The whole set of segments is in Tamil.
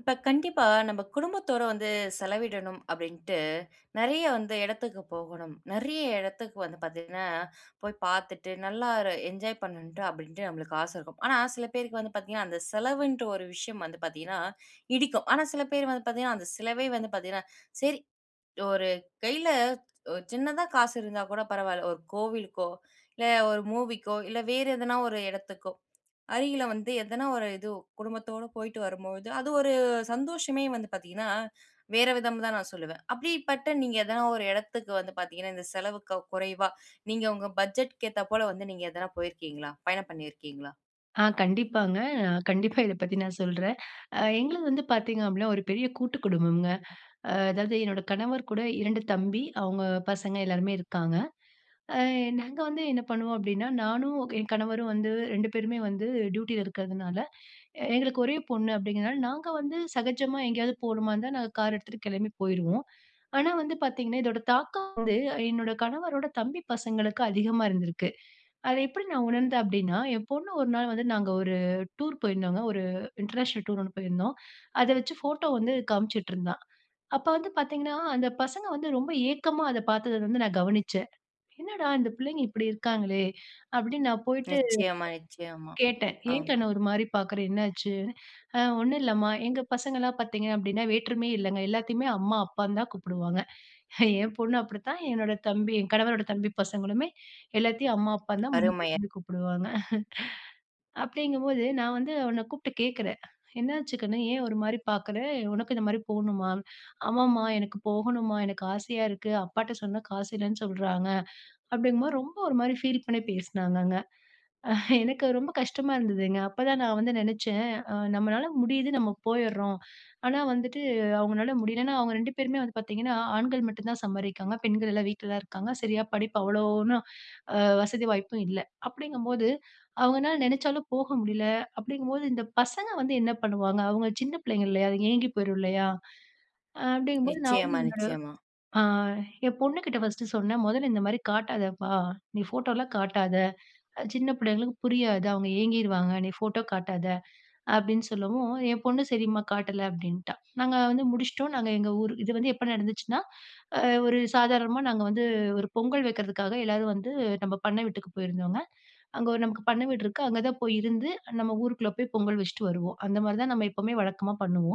இப்போ கண்டிப்பா. நம்ம குடும்பத்தோடு வந்து செலவிடணும் அப்படின்ட்டு நெறைய வந்து எடத்திக்கு போகணும். நெறைய எடத்திறக்கு வந்து பார்த்தீங்கனா போய் பார்த்துட்டு நல்லா ஒரு என்ஜாய் பண்ணனுட்டு அப்படின்ட்டு நமக்கு ஆச இருக்கும். ஆனா சில பேரு வந்து பார்த்தீங்கனா அந்த செலவுன்ற ஒரு விஷயம் வந்து பார்த்தீங்கனா இடிக்கும். ஆனா சில பேர் வந்து பார்த்தீங்கனா அந்த செலவே வந்து பார்த்தீங்கனா, சரி ஒரு கையில ஒரு சின்னதா காசு இருந்தா கூட பரவால்ல ஒரு கோவிலுக்கோ, இல்ல ஒரு மூவிக்கோ, இல்ல வேற எதனா ஒரு இடத்துக்கோ அருகில வந்து எதனா ஒரு இது குடும்பத்தோட போயிட்டு வரும்போது அது ஒரு சந்தோஷமே வந்து பாத்தீங்கனா வேற விதம்னு தான் நா சொல்லுவேன். அப்படிப்பட்ட நீங்க எதனா ஒரு எடத்துக்கு வந்து பாத்தீங்கனா இந்த செலவு குறைவா நீங்க உங்க பட்ஜெட்டுக்கு ஏத்தா போல வந்து நீங்க எதனா போயிருக்கீங்களா? பயணம் பண்ணியிருக்கீங்களா? ஆ கண்டிப்பாங்க. கண்டிப்பா இத பத்தி நான் சொல்றேன். அ எங்களது வந்து பார்த்தீங்க அப்படின்னா ஒரு பெரிய கூட்டு குடும்பம்ங்க. அ அதாவது என்னோட கணவர் கூட 2 தம்பி அவங்க பசங்க எல்லாருமே இருக்காங்க. ஆ நாங்க வந்து என்ன பண்ணுவோம் அப்படின்னா நானும், என் கணவரும் வந்து 2 பேருமே வந்து டியூட்டியில இருக்கிறதுனால, எங்களுக்கு ஒரே பொண்ணு அப்படிங்கிறதுனால நாங்க வந்து சகஜமா எங்கேயாவது போகணுமா இருந்தா, நாங்க கார் எடுத்துட்டு கெளம்பி போயிருவோம். ஆனா வந்து பார்த்தீங்கனா இதோட தாக்கம் வந்து என்னோட கணவரோட தம்பி பசங்களுக்கு அதிகமா இருந்திருக்கு. அத எப்படி நான் உணர்ந்தேன் அப்படினா ஏ பொண்ணு ஒரு நாள் வந்து நாங்க ஒரு டூர் போயிருந்தோங்க. ஒரு இன்டர்நேஷனல் டூர் ஒண்ணு போயிருந்தோம். அத வெச்சு ஃபோட்டோ வந்து காமிச்சிட்டு இருந்தா. அப்ப வந்து பார்த்தீங்கனா அந்த பசங்க வந்து ரொம்ப ஏக்கமா அத பார்த்தத வந்து நா கவனிச்சேன். "என்னடா இந்த பிள்ளைங்க இப்படி இருக்காங்களே" அப்படினு நா போய்ட்டு நிச்சயமா, நிச்சயமா. கேட்டேன் ஆ. "ஏங் கண்ணு ஒரு மாரி பாக்குற என்னாச்சு?" `ஆ ஒண்ணு இல்லம்மா.' எங்க பசங்கலாம் பார்த்தீங்கன்னா வேற்றுமையே இல்லங்க. எல்லாத்தையுமே அம்மா அப்பான்னு தா கூப்பிடுவாங்க. ஏ பொண்ணு அப்படித்தான் என்னோட தம்பி ஏ கணவரோட தம்பி பசங்களுமே எல்லாத்தையுமே அம்மா அப்பான்னு அருமை. தா கூப்பிடுவாங்க. அப்படிங்கும்போது நா வந்து அவன கூப்ட்டு கேட்கிறே "என்னாச்சுக்கணு ஏ ஒரு மாதிரி பார்க்குற. உனக்கு இந்த மாதிரி போணுமா?" "ஆமாம்மா எனக்கு போகணுமா எனக்கு ஆசையா இருக்கு அப்பாட்ட சொன்னா காசு இல்லன்னு சொல்றாங்க," அப்படிங்கும்போது ரொம்ப ஒரு மாதிரி ஃபீல் பண்ணி பேசினாங்கங்க. எனக்கு ரொம்ப கஷ்டமா இருந்ததுங்க. அப்ப தா நா வந்து நினைச்சேன், நம்மளால முடியுது நம்ம போயிற்றோம். ஆனா வந்துட்டு அவங்களால முடியலன்னா அவங்க 2 பேருமே வந்து பார்த்தீங்கன்னா ஆண்கள் மட்டு தா சம்பாதிக்கிறாங்க. பெண்கள் எல்லா வீட்ல தான் இருக்காங்க. சரியா படிப்பு அவ்வளோன்னும் வசதி வாய்ப்பும் இல்ல. அப்படிங்கும்போது அவங்கனால நினைச்சாலும் போக முடியல. அப்படிங்கும்போது இந்த பசங்க வந்து என்ன பண்ணுவாங்க. அவங்க சின்ன பிள்ளைங்க இல்லையா, அதுங்க ஏங்கி போயிறும் இல்லையா. அப்படிங்கும்போது நான் வந்து நிச்சயமா, என்னோட நிச்சயமா. ஆ என் பொண்ணுகிட்ட ஃபர்ஸ்ட்டு சொன்னேன் 'மொதல்ல இந்த மாரி காட்டாதப்பா நீ ஃபோட்டோலா காட்டாத சின்ன பிள்ளைங்களுக்கு புரியாது அவங்க ஏங்கிருவாங்க நீ ஃபோட்டோ காட்டாத' அப்படின்னு சொல்லவு ஏ பொண்ணு "சரிம்மா காட்டல" அப்படின்ட்டா. நாங்க வந்து முடிச்சிட்டோம் நாங்க எங்க ஊர் இது வந்து எப்போ நடந்துச்சுன்னா ஒரு சாதாரணமா நாங்க வந்து ஒரு பொங்கல் வைக்கிறதுக்காக எல்லாரும் வந்து நம்ம பண்ண வீட்டுக்கு போயிருந்தோங்க. அங்க நமக்கு பண்ண வீடு இருக்குது அங்க தா போய் இருந்து நம்ம ஊருக்குள்ள போய் பொங்கல் வெச்சுட்டு வருவோ. அந்த மாதிரி தா நம்ம எப்போவுமே வழக்கமா பண்ணுவோ.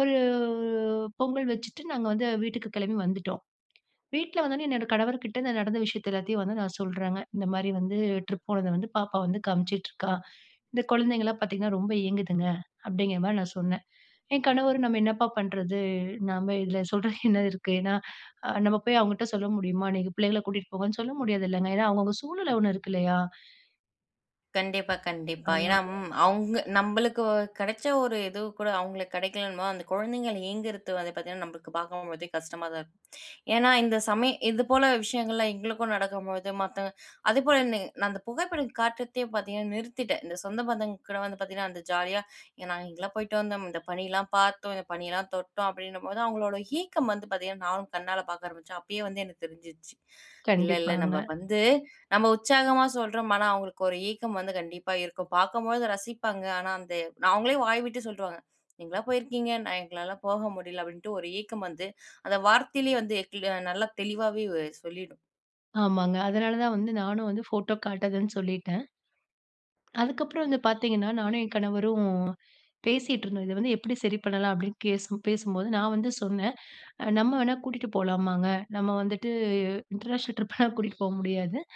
ஒரு பொங்கல் வெச்சுட்டு நாங்க வந்து வீட்டுக்கு கெளம்பி வந்துட்டோ. வீட்ல வந்த உடனே என்னோட கணவர் கிட்ட நடந்த விஷயத்த எல்லாத்தையு வந்து நா சொல்றங்க. "இந்த மாரி வந்து ட்ரிப் போனத வந்து பாப்பா வந்து காமிச்சிட்டுருக்கா இந்த குழந்தைங்கலா பார்த்தீங்கன்னா ரொம்ப ஏங்குதுங்க" அப்படிங்கிற மாரி நா சொன்னே. ஏங் கணவரு நம்ம என்னப்பா பண்றது, நாம இதுல சொல்றதுக்கு என்ன இருக்கு. ஏன்னா நம்ம போய் அவங்கிட்ட சொல்ல முடியுமா 'நீங்க பிள்ளைங்கள கூட்டிட்டு போங்கன்னு' சொல்ல முடியாதுல்லங்க ஏனா அவங்கவுங்க சூழ்நில ஒண்ணு இருக்கில்லையா. கண்டிப்பா கண்டிப்பா. ஆனால ஏனா அவங்க நம்மளுக்கு கடைச்ச ஒரு இது கூட அவங்களுக்கு கெடைக்கலன்னு போது, அந்த கொழந்தைகள் ஏங்குறது வந்து பார்த்தீங்கன்னா, நம்மளுக்கு பார்க்கும்போழுதே கஷ்டமா தான் இருக்கும். ஏனா இந்த சமயம் இது போல விஷயங்கள்லாம் எங்களுக்கும் நடக்கும்போழுது மத்தவங்க அதேபோல என்ன நான் அந்த புகைப்படம் காட்டுறதே பார்த்தீங்கன்னா நிறுத்திட்டேன். இந்த சொந்த பந்தங்க கூட வந்து பார்த்தீங்கன்னா அந்த ஜாலியா நாங்க இங்கலாம் போய்ட்டு வந்தோம், இந்த பனீலாம் பார்த்தோம், இந்த பனீயெல்லாம் தொட்டோம் அப்டின்னும்போது அவங்களோட ஏக்கம் வந்து பார்த்தீங்கன்னா நானும் கண்ணால பார்க்க ஆரம்பிச்சேன். அப்பயே வந்து எனக்கு தெரிஞ்சிருச்சு. இல்ல இல்ல நம்ப கண்டிப்பாங்க. வந்து, நம்ப உற்சாகமா சொல்றோம். ஆனா அவங்களுக்கு ஒரு ஏக்கம் வந்து கண்டிப்பா இருக்கும். பார்க்கும்போழுது ரசிப்பாங்க, ஆனா அந்த அவங்களே வாய் விட்டு சொல்டுருவாங்க. நீங்களா போயிருக்கீங்க நா எங்களால போக முடியல அப்டின்ட்டு ஒரு ஏக்கம் வந்து அந்த வார்த்தையிலேயே வந்து க்ள நல்லா தெளிவாவே வ சொல்லிடும். ஆமாங்க. அதனால தான் வந்து நானும் வந்து ஃபோட்டோ காட்டுதன்னு சொல்லிட்டேன். அதுக்கப்புறம் வந்து பார்த்தீங்கன்னா, நானும் என் கணவரும் பேசிட்டுருந்தோம். இத வந்து எப்டி சரி பண்ணலாம் அப்டின்னு பேசும் பேசும்போது நான் வந்து சொன்னே. "நம்ம வேணா கூட்டிட்டு போலாமாங்க, நம்ம வந்துட்டு இன்டர்நேஷனல் ட்ரிப்லா கூட்டிட்டு போ முடியாது.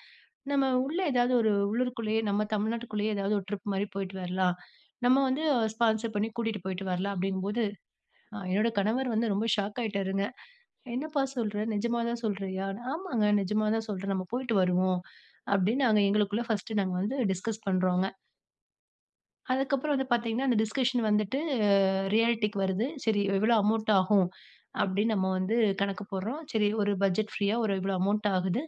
நம்ம உள்ள ஏதாவது ஒரு உள்ளூருக்குள்ளேயே, நம்ம தமிழ்நாட்டுக்குள்ளேயே ஏதாவது ஒரு ட்ரிப் மாரி போயிட்டு வரலாம். நம்ம வந்து ஸ்பான்சர் பண்ணி கூட்டிட்டு போயிட்டு வரலாம் அப்டிங்கும்போது," என்னோட கணவர் வந்து ரொம்ப ஷாக் ஆயிட்டார்ங்க. என்னப்பா சொல்ற? நெஜமாதான் சொல்றீயா? ஆமாங்க நெஜமா தான் சொல்றேன். நம்ம போயிட்டு வருவோம். அப்டின்னு நாங்க எங்களுக்குள்ள பர்ஸ்ட் நாங்க வந்து டிஸ்கஸ் பண்றோங்க. அதுக்கப்புறம் வந்து பார்த்தீங்கன்னா, அந்த டிஸ்கஷன் வந்துட்டு ரியாலிட்டிக்கு வருது. சரி, எவ்வளவு அமௌண்ட் ஆகும் அப்படின்னு நம்ம வந்து கணக்கு போடுறோம். சரி, ஒரு பட்ஜெட் ஃப்ரீயா, ஒரு இவ்ளோ அமௌண்ட் ஆகுது.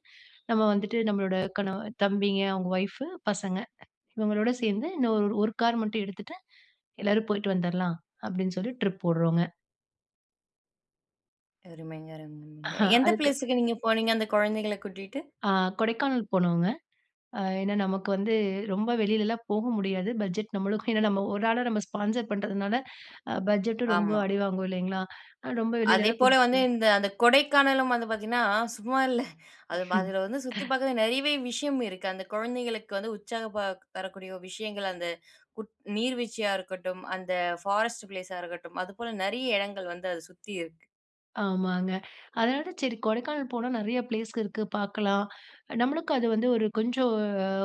நம்ம வந்துட்டு நம்மளோட கணவன் தம்பிங்க, அவங்க ஒயிபு பசங்க, இவங்களோடு சேர்ந்து இன்னும் ஒரு கார் மட்டும் எடுத்துட்டு, எல்லாரும் போய்ட்டு வந்தறலாம் அப்படின்னு சொல்லி ட்ரிப் போடுறோங்க. அருமைங்க, அருமைங்க. எந்த அதுக்கு. பிளேஸ்க்கு நீங்க போனீங்க, அந்த குழந்தைகள கூட்டிட்டு? அ கொடைக்கானல் போனோங்க. அ ஏன்னா நமக்கு வந்து ரொம்ப வெளிலலாம் போக முடியாது. பட்ஜெட் நம்மளுக்கும், ஏன்னா நம்ம ஒரு ஆளா, நம்ம ஸ்பான்சர் பண்ணுறதுனால பட்ஜெட்டும் ரொம்ப ஆமா. அடிவாங்கும் இல்லைங்களா. ரொம்ப வெளிலலாம் அதேபோல கூட்டீட்டு போ வந்து, இந்த அந்த கொடைக்கானலும் வந்து பார்த்தீங்கன்னா, சும்மா இல்ல. அது ம்ஹ்ம். அதுல வந்து சுத்தி பாக்கறதுக்கு நிறையவே விஷயம் இருக்கு. அந்த குழந்தைகளுக்கு வந்து உற்சாகம் ப தரக்கூடிய விஷயங்கள், அந்த நீர்வீழ்ச்சியா இருக்கட்டும், அந்த ஃபாரஸ்ட் பிளேஸ இருக்கட்டும். அது போல நிறைய இடங்கள் வந்து அதை சுத்தி இருக்கு. ஆமாங்க, அதனால தான் சரி கொடைக்கானல் போனா நிறைய பிளேஸ் இருக்கு, பார்க்கலாம். நம்மளுக்கு அது வந்து ஒரு கொஞ்சம்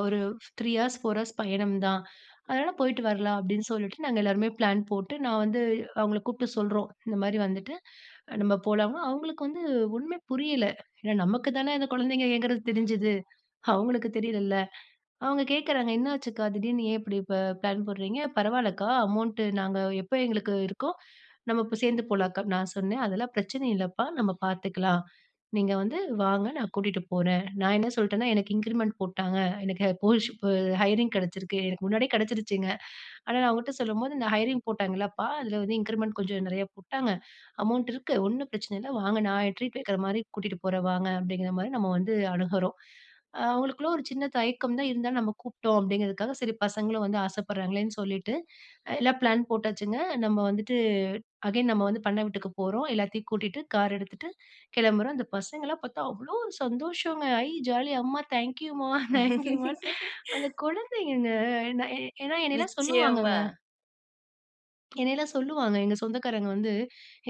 ஒரு 3 ஹார்ஸ், 4 ஹார்ஸ் பயணம் தான். அதனால போயிட்டு வரலாம் அப்படின்னு சொல்லிட்டு, நாங்க எல்லாருமே பிளான் போட்டு, நான் வந்து அவங்கள கூப்பிட்டு சொல்றோம். 'இந்த மாதிரி வந்துட்டு நம்ம போலாம்?' அவங்களுக்கு வந்து ஒண்ணுமே புரியல. ஏன்னா நமக்கு தானே அந்த குழந்தைங்க ஏங்கறது தெரிஞ்சுது, அவங்களுக்கு தெரியலள்ல. அவங்க கேட்குறாங்க, "என்னாச்சுக்கா? திடீர்னு ஏன் இப்படி இப்ப பிளான் போடுறீங்க? பரவாயில்லக்கா, அமௌண்ட் நாங்க எப்ப எங்களுக்கு இருக்கோ நம்ம இப்ப சேர்ந்து போகலாம் அக்கா." நான் சொன்னேன், 'அதெல்லாம் பிரச்சனை இல்லைப்பா, நம்ம பார்த்துக்கலாம். நீங்க வந்து வாங்க, நான் கூட்டிட்டு போறேன்.' நான் என்ன சொல்லிட்டேன்னா, 'எனக்கு இன்கிரிமெண்ட் போட்டாங்க, எனக்கு [unintelligible] ஹைரிங் கிடைச்சருக்கு,' எனக்கு முன்னாடியே கிடைச்சருச்சுங்க. ஆனா நா அவங்ககிட்ட சொல்லும்போது, 'இந்த ஹயரிங் போட்டாங்கல்லப்பா, அதில வந்து இன்கிரிமெண்ட் கொஞ்சம் நிறைய போட்டாங்க. அமௌண்ட் இருக்கு. ஒன்னும் பிரச்சனை இல்ல. வாங்க, நா ட்ரீட் வைக்கிற மாதிரி கூட்டிட்டு போறேன். வாங் அப்படிங்கிற மாதிரி நம்ம வந்து அணுகுறோம். அவங்களுக்குள்ள ஒரு சின்ன தயக்கம் தான், இருந்தாலும் நம்ம கூப்பிட்டோம் அப்படிங்கிறதுக்காக சரி, பசங்களும் வந்து ஆசைப்படுறாங்களேன்னு சொல்லிட்டு எல்லாம் பிளான் போட்டாச்சுங்க. நம்ம வந்துட்டு அகைன் நம்ம வந்து பண்ணை வீட்டுக்கு போறோம், எல்லாத்தையும் கூட்டிட்டு கார் எடுத்துட்டு கிளம்புறோம். அந்த பசங்களலாம் பார்த்தா அவ்வளோ சந்தோஷங்க! ஐ ஜாலி அம்மா, தேங்க்யூம்மா, தேங்க்யூமா! அந்த குழந்தைங்க, ஏன்னா என்னையெல்லாம் நிச்சயமா. சொல்லுவாங்கங்க. என்னையெல்லாம் சொல்லுவாங்க, எங்க சொந்தக்காரங்க வந்து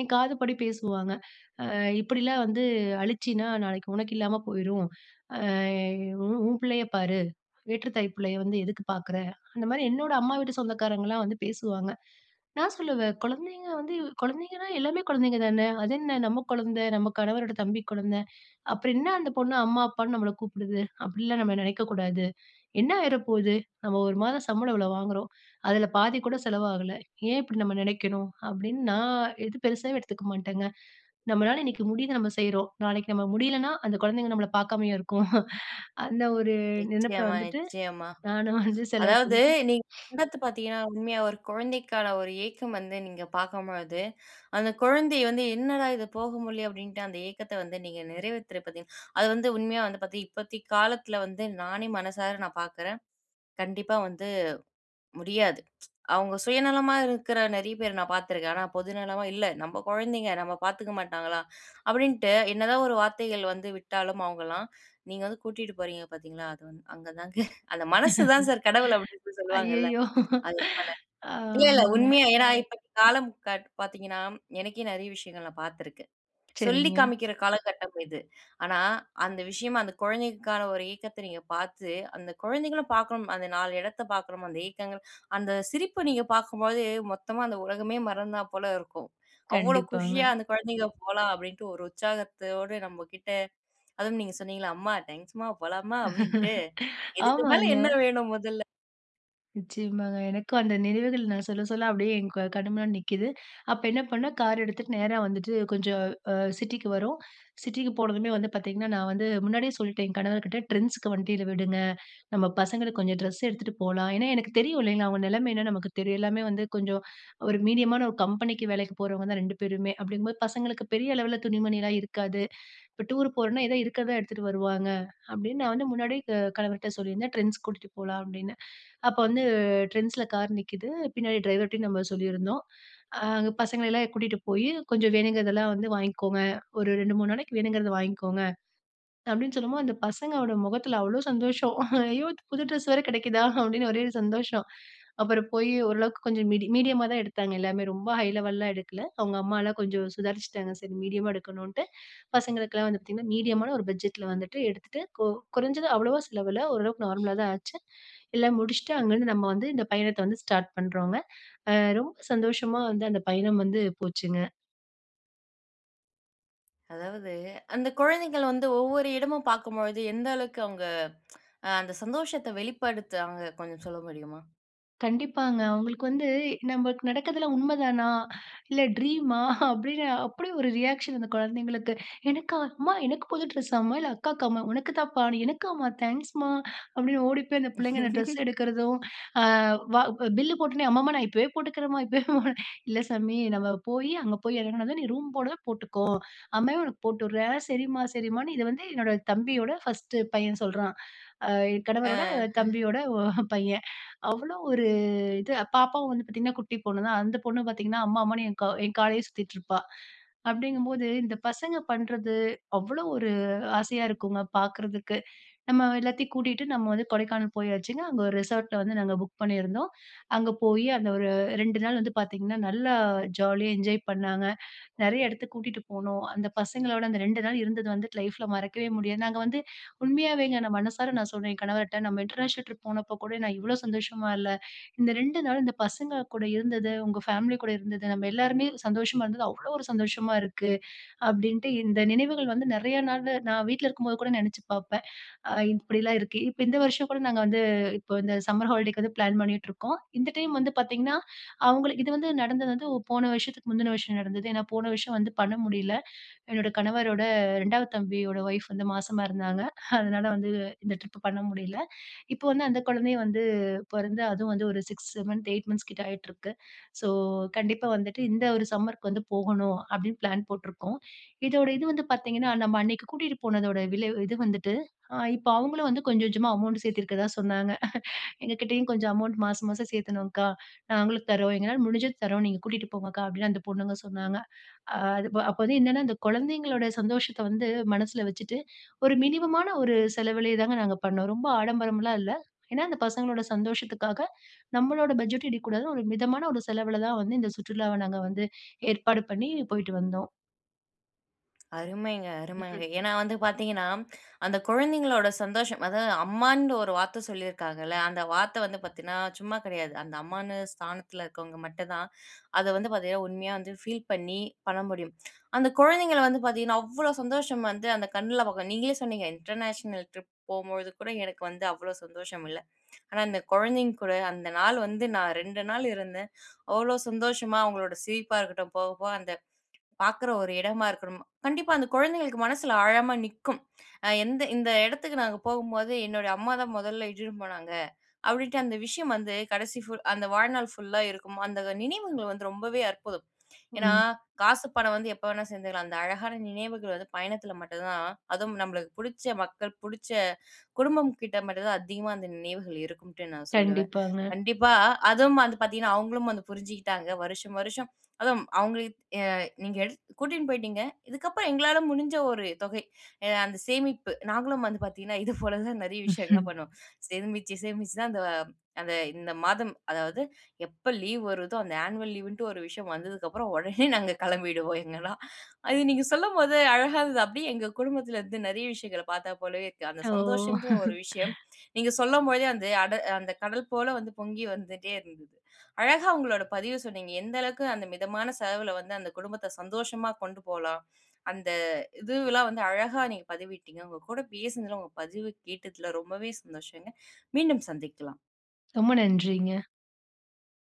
என் காதுப்படி பேசுவாங்க, அ "இப்படிலாம் வந்து அழிச்சின்னா நாளைக்கு உனக்கு இல்லாம போயிரும், அ உ உன் பிள்ளைய பாரு, வேற்று தாய் பிள்ளைய வந்து எதுக்கு பாக்குற?" அந்த மாரி என்னோட அம்மா வீட்டு சொந்தக்காரங்கலாம் வந்து பேசுவாங்க. நான் சொல்லுவேன், "குழந்தைங்க வந்து குழந்தைங்கன்னா எல்லாமே குழந்தைங்க தானே! அது என்ன நம்ம குழந்தை, நம்ம கணவரோட தம்பி குழந்தை, அப்பறோம் என்னா அந்த பொண்ணு அம்மா, அப்பான்னு நம்மள கூப்பிடுது அப்டிலாம் நம்ம நினைக்க கூடாது. என்ன ஆயிர போது, நம்ம ஒரு மாதம் சம்பளம் இவ்ளோ வாங்குறோம், அதில பாதி கூட செலவாகலை, ஏன் இப்படி நம்ம நினைக்கணும்" அப்டின்னு நான் எதும் பெருசா எடுத்துக்க மாட்டேங்க. நம்மளால இன்னிக்கு முடியுது நம்ம செய்றோம், நாளைக்கு நம்ம முடியலன்னா அந்த குழந்தைங்க நம்மள பார்க்காமயா இருக்கும்? அந்த ஒரு நினைப்பில நிச்சயமா, வந்துட்டு நிச்சயமா. நானும் வந்து செலவு அதாவது பண்ணிட்டு. நீங்க பண்ரத்த பாத்தீங்கன்னா உண்மையா ஒரு கொழந்தைக்கான ஒரு ஏக்கம் வந்து நீங்க பாக்கும்பொழுது, அந்த குழந்தை வந்து "என்னடா இது போக முடிலயே" அப்டின்ட்டு அந்த ஏக்கத்த வந்து நீங்க நிறைவேத்துற பார்த்தீங்க அது வந்து உண்மையா வந்து பாத்தீங்கன் இப்பத்தி காலத்ல வந்து நானே மனசார நான் பார்க்குறேன், கண்டிப்பா வந்து முடியாது. அவுங்க சுயநலமா இருக்குற நிறைய பேர நான் பாத்துருக்கேன், ஆனா பொது நலமா இல்ல "நம்ப கொழந்தைங்க நம்ப பாத்துக்க மாட்டாங்களா" அப்டின்னுட்டு என்னதான் ஒரு வார்த்தைகள் வந்து விட்டாலும், அவுங்கலாம் நீங்க வந்து கூட்டிட்டு போறீங்க பாத்தீங்களா, அது வந்து அங்க தாங்க "அந்த மனசு தான் சார் கடவுள்" அப்டின்னு சொல்லுவாங்கல்ல, அய்யயோ! அது போல. இல்ல, இல்ல ஆமாங்க. உண்மையா, ஏனா இப்போ காலம் காட் பாத்தீங்கன்னா, எனக்கே நிறைய விஷயங்கள் நான் பாத்துருக்கேன். சொல்லி சரிங்க. காமிக்கிற காலகட்டம் இது. ஆனா, அந்த விஷயமா அந்த குழந்தைகளுக்கான ஒரு ஏக்கத்த நீங்க பாத்து, அந்த குழந்தைங்களும் பாக்கணும் அந்த நாலு எடத்தை பாக்குறமோ, அந்த ஏக்கங்கள், அந்த சிரிப்பு நீங்க பாக்கும்போது மொத்தமா அந்த உலகமே மறந்தா போல இருக்கும், அவ்ளோ கண்டிப்பாங்க. குஷியா அந்த குழந்தைங்க "போலாம்" அப்டின்ட்டு ஒரு உற்சாகத்தோடு நம்ம கிட்ட, அதுவும் நீங்க சொன்னீங்கள்ல "அம்மா டேங்க்ஸ்மா, போலாம்மா" அப்டின்ட்டு, இதுக்கு மேல ஆமாங்க. என்ன வேணும் முதல்ல? நிச்சியமாங்க. எனக்கும் அந்த நினைவுகள் நான் சொல்ல சொல்ல அப்டியே என் கண் முன்னாடி நிக்குது. அப்ப என்ன பண்ணே கார் எடுத்துட்டு நேரா வந்துட்டு கொஞ்சம் அ சிட்டிக்கு வரோம் சிட்டிக்கு போனதுமே வந்து பார்த்தீங்கன்னா நான் வந்து முன்னாடியே சொல்ட்டேன். என் கணவர்கிட்ட Trendsக்கு வண்டியில விடுங்க நம்ம பசங்களுக்கு கொஞ்சம் ட்ரெஸ் எடுத்துட்டு போலாம். ஏனா, எனக்கு தெரியும் இல்லைங்களா அவங்க நெலமை என்னனு நமக்கு தெரியும் எல்லாமே வந்து கொஞ்சம் ஒரு மீடியமான ஒரு கம்பெனிக்கு வேலைக்கு போறவங்க தான் 2 பேருமே அப்டிங்கும்போது பசங்களுக்கு பெரிய அளவுல துணிமணில இருக்காது. இப்ப டூர் போறோம்னா ஏதா இருக்கறதா எடுத்துட்டு வருவாங்க அப்டின்னு நான் வந்து முன்னாடியே கணவர்ட்ட சொல்லியிருந்தேன் Trends கூட்டிட்டு போலாம் அப்டின்னு. அப்ப வந்து Trendsல கார் நிக்கிது பின்னாடி டிரைவர்ட்டயும் நம்ம சொல்லியிருந்தோம். அ அங்க பசங்கள எல்லாம் கூட்டிட்டு போய் கொஞ்சம் வேணுங்கிறதெல்லாம் வந்து வாய்ங்கோங்க. ஒரு 2 3 நாளைக்கு வேணுங்குறத வாய்ங்கோங்க. அப்டின்னு சொல்லும்போது அந்த பசங்களோட முகத்தில அவ்வளோ சந்தோஷம். "ஐயோ! புது ட்ரெஸ் வேற கெடைக்கிதா அப்டின்னு ஒரே ஒரு சந்தோஷம்" அப்புறம் போய் ஓரளவுக்கு கொஞ்சம் மீடி மீடியமா தான் எடுத்தாங்க எல்லாமே ரொம்ப ஹை லெவல்லலாம் எடுக்கல அவங்க அம்மாலாம் கொஞ்சம் சுதாரிச்சுட்டாங்க. சரி மீடியமா எடுக்கணுன்ட்டு பசங்களுக்கெல்லாம் வந்து பார்த்தீங்கன்னா மீடியமான ஒரு பட்ஜெட்ல வந்துட்டு எடுத்துட்டு, கு குறைஞ்சது அவ்வளவா செலவுல ஓரளவுக்கு நார்மலா தான் ஆச்சு எல்லாம் முடிச்சுட்டு அங்க இருந்து நம்ம வந்து இந்த பயணத்த வந்து ஸ்டார்ட் பண்றோங்க. ஆ ரொம்ப சந்தோஷமா வந்து அந்த பயணம் வந்து போச்சுங்க. அதாவது, அந்த குழந்தைகள் வந்து ஒவ்வொரு இடமும் பாக்கும் பொழுது எந்த அளவுக்கு அவுங்க அ அந்த சந்தோஷத்த வெளிப்படுத்துவாங்க, கொஞ்சம் சொல்ல முடியுமா? கண்டிப்பாங்க. அவுங்களுக்கு வந்து, "நமக்கு நடக்கிறதெல்லாம் உண்மைதானா? இல்ல ட்ரீமா?" அப்டீன்னு அப்புடி ஒரு ரியாக்ஷன் அந்த குழந்தைங்களுக்கு. "எனக்கா? அம்மா எனக்கு புது டிரெஸ்ஸாமா? இல்ல அக்காக்கா அம்மா?", "உனக்கு தான்ப்பா." "எனக்கா அம்மா? தேங்க்ஸ்மா" அப்டீன்னு ஓடி போய் அந்த பிள்ளைங்க அந்த ட்ரெஸ் எடுக்கிறதும். அ வா பில் போட்டொன்னே, "அம்மா! அம்மா! நான் இப்போவே போட்டுக்கிறேன்ம்மா இப்போவே", "இல்ல சாமி. நம்ம போய் அங்க போய் எறங்குனதும் நீ ரூம் போனதும் போட்டுக்கோ. அம்மாவே உனக்கு போட்டு விட்றேன்". "சரிம்மா சரிம்மான்னு" இத வந்து என்னோட தம்பியோட 1 பையன் சொல்றான். ஆ ஆ. கணவரோட தம்பியோட ஒ அ பையன். அவ்ளோ ஒரு இது பாப்பாவும் வந்து பாத்தீங்கன்னா குட்டி பொண்ணு தான். அந்த பொண்ணு பாத்தீங்கன்னா அம்மா, அம்மான்னு என் கவ் என் காலயே சுத்திட்டு இருப்பா. அப்டீங்கும் போது இந்த பசங்க பண்றது அவ்ளோ ஒரு ஆசையா இருக்குங்க பாக்குறதுக்கு. நம்ம எல்லாத்தையும் கூட்டிட்டு நம்ம வந்து கொடைக்கானல் போயாச்சுங்க. அங்க ஒரு ரிசார்ட்ல வந்து நாங்க புக் பண்ணிருந்தோம். அங்க போயி அந்த ஒரு 2 நாள் வந்து பாத்தீங்கன்னா, நல்லா ஜாலியா என்ஜாய் பண்ணாங்க. நெறைய எடத்துக்கு கூட்டிட்டு போனோம். அந்த பசங்களோட அந்த 2 நாள் இருந்தது வந்துட்டு லைஃப்ல மறக்கவே முடியாது. நாங்க வந்து உண்மையாவேங்க நான் மனசார நான் சொன்னேன் என் கணவர்ட்ட, "நம்ம இன்டர்நேஷனல் ட்ரிப் போனப்போ கூட நான் இவ்ளோ சந்தோஷமா இல்ல. இந்த 2 நாள் பசங்க கூட இருந்தது, உங்க ஃபேமிலி கூட இருந்தது, நம்ம எல்லாருமே சந்தோஷமா இருந்தது, அவ்ளோ ஒரு சந்தோஷமா இருக்கு" அப்டீன்ட்டு இந்த நினைவுகள் வந்து நெறைய நாளு நான் வீட்ல இருக்கும்போது கூட நெனைச்சு பாப்பேன். இப்படிலாம் இருக்கு. இப்போ, இந்த வருஷம் கூட நாங்க வந்து இப்போ இந்த சம்மர் ஹாலிடேக்கு வந்து ப்ளான் பண்ணிட்டு இருக்கோம். இந்த டைம் வந்து பாத்தீங்கன்னா, அவுங்களுக்கு இது வந்து நடந்தது வந்து போன வருஷத்துக்கு முந்தின வருஷம் நடந்தது. ஏன்னா போன வருஷம் வந்து பண்ண முடியல. என்னோட கணவரோட 2வது தம்பியோட வைஃப் வந்து மாசமா இருந்தாங்க. அதனால வந்து இந்த ட்ரிப் பண்ண முடியல. இப்போ வந்து அந்த கொழந்தை வந்து பொறந்து அதுவும் வந்து ஒரு 6 மந்த் 8 மந்த்ஸ் கிட்ட ஆயிட்டுருக்கு. ஸோ கண்டிப்பா வந்துட்டு இந்த ஒரு சம்மர்க்கு வந்து போகணும், அப்டீன்னு ப்ளான் போட்டிருக்கோம். இதோட இது வந்து பாத்தீங்கன்னா நம்ம அன்னைக்கு கூட்டிட்டு போனதோட விலை இது வந்துட்டு, இப்போ அவுங்களும் வந்து கொஞ்சம் கொஞ்சமா அமவுண்ட் சேத்துருக்கிறதா சொன்னாங்க. "எங்க கிட்டயும் கொஞ்சம் அமௌண்ட் மாசம் மாசம் சேத்துணோம்கா. நாங்களும் தரோம் எங்களால முடிஞ்சத தரோம் நீங்க கூட்டிட்டு போங்க அக்கா" அப்படின்னு அந்த பொண்ணுங்க சொன்னாங்க. அ அதுப அப்போ வந்து என்னன்னா அந்த கொழந்தைங்களோட சந்தோஷத்த வந்து மனசில வச்சுட்டு ஒரு மினிமமான ஒரு செலவிலயே தாங்க நாங்க பண்ணோம். ரொம்ப ஆடம்பரம்லாம் இல்ல. ஏன்னா அந்த பசங்களோட சந்தோஷத்துக்காக நம்மளோட பட்ஜெட்டும் இடிக்கக்கூடாதுன்னு ஒரு மிதமான ஒரு செலவுல தான் வந்து இந்த சுற்றுலாவ நாங்க வந்து ஏற்பாடு பண்ணி போய்ட்டு வந்தோம். அருமைங்க, அருமங்க. ம்ஹ்ம். ஏனா வந்து, பாத்தீங்கன்னா, அந்த குழந்தைங்களோட சந்தோஷம் அதாவது, அம்மான்ற ஒரு வார்த்த சொல்லியிருக்காங்கல்ல, அந்த வார்த்த வந்து பாத்தீங்கன்னா சும்மா கெடையாது. அந்த அம்மான்னு ஸ்தானத்துல இருக்குறவங்க மட்டும் தான், அத வந்து பாத்தீங்கன்னா உண்மையா வந்து, ஃபீல் பண்ணி பண்ண முடியும். அந்த குழந்தைங்கள வந்து பாத்தீங்கன்னா அவ்ளோ சந்தோஷம் வந்து, அந்த கண்ணுல பாக்கலாம், நீங்களே சொன்னீங்க, "இன்டர்நேஷனல் ட்ரிப் போகும்பொழுது கூட எனக்கு வந்து அவ்ளோ சந்தோஷம் இல்ல. ஆனா, அந்த குழந்தைங்க கூட, அந்த நாள வந்து நான் 2 நாள் இருந்தேன். அவ்ளோ சந்தோஷமா அவங்களோட சிரிப்பா இருக்கட்டும், போக, போக அந்த பாக்குற, ஒரு இடமா இருக்கணும். கண்டிப்பா அந்த குழந்தைங்களுக்கு மனசுல ஆழாமா நிக்கும். அ, எந்த இந்த இடத்துக்கு நாங்க போகும்போது, "என்னுடைய அம்மாதான் மொதல்ல இட்டுனு போனாங்க", அப்டீன்டு அந்த விஷயம் வந்து கடைசி ஃபுல் அந்த வாழ்நாள் ஃபுல்லா இருக்கும். அந்த நினைவுங்க வந்து ரொம்பவே அற்புதம். ஏன்னா ம். காசு பணம் வந்து எப்போ வேணாலும் சேத்துக்கலாம் அந்த அழகான நினைவுகள் வந்து பயணத்துல மட்டும் தான், அதுவும் நம்மளுக்கு புடிச்ச மக்கள், புடிச்ச குடும்பம் கிட்ட மட்டும் தான் அதிகமா அந்த நினைவுகள் இருக்கும்ட்டு நான் சொல்லுவேன். கண்டிப்பாங்க. கண்டிப்பா, அதுவும் அது பாத்தீங்கன்னா அவுங்களும் வந்து புரிஞ்சிகிட்டாங்க. வருஷம், வருஷம் அதுவும் அவங்க, ஏ நீங்க, எடு கூட்டின் போய்டீங்க. இதுக்கப்பறம் எங்களால முடிஞ்ச ஒரு தொகை, அ அந்த சேமிப்பு, நாங்களும் வந்து பாத்தீங்கன்னா இது போல தான் நெறைய விஷயங்கள்லாம் ம்ஹ்ம். பண்ணுவோம். சேமிச்சு, சேமிச்சு தான் அந்த, அந்த இந்த மாதம். அதாவது எப்ப லீவ் வருதோ அந்த ஆன்வல் லீவுன்டு, ஒரு விஷயம் வந்ததுக்கப்பறம் ஒடனே நாங்க கிளம்பிடுவோம் எங்கலாம். அது நீங்க சொல்லும்போது அழகாருந்தது. அப்டீயே எங்க குடும்பத்துல இருந்து நெறைய விஷயங்கள பாத்தா போலவே இருக்கு. அந்த ஓ! சந்தோஷம்ன்ற ஒரு விஷயம் நீங்க சொல்லும்போதே அந்த அட அந்த கடல் போல வந்து, பொங்கி வந்துட்டே இருந்தது. அழகா உங்களோட பதிவ சொன்னீங்க. எந்த அளவுக்கு அந்த மிதமான செலவுல வந்து அந்த குடும்பத்த சந்தோஷமா கொண்டு போலாம். அந்த இதுவெல்லாம் வந்து அழகா நீங்க பதிவிட்டீங்க. உங்க கூட பேசுனதுல, உங்க பதிவு கேட்டதுல ரொம்பவே சந்தோஷங்க. மீண்டும் சந்திக்கலாம். ரொம்ப நன்றிங்க.